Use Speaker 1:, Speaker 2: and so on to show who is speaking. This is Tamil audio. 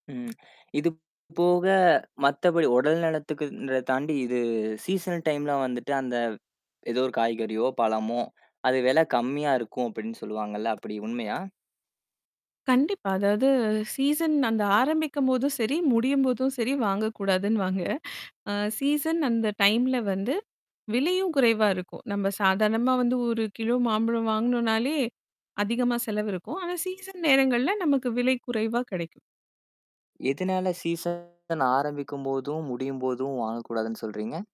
Speaker 1: ம் இது போக, மத்தபடி உடல் நலத்துக்கு தாண்டி, இது சீசனல் டைம் எல்லாம் வந்துட்டு அந்த ஏதோ ஒரு காய்கறியோ, பழமோ அது விலை கம்மியா இருக்கும் அப்படின்னு சொல்லுவாங்கல்ல. அப்படி உண்மையா?
Speaker 2: கண்டிப்பா. அதாவது சீசன் அந்த ஆரம்பிக்கும்போதும் சரி, முடியும்போதும் சரி வாங்கக்கூடாதுன்னு வாங்க. ஆஹ் சீசன் அந்த டைம்ல வந்து விலையும் குறைவா இருக்கும். நம்ம சாதாரணமா வந்து 1 கிலோ மாம்பழம் வாங்கணும்னாலே அதிகமா செலவு இருக்கும். ஆனா சீசன் நேரங்கள்ல நமக்கு விலை குறைவா கிடைக்கும்.
Speaker 1: எதுனால சீசன் ஆரம்பிக்கும்போதும், முடியும்போதும் வாங்கக் கூடாதுன்னு சொல்றீங்க?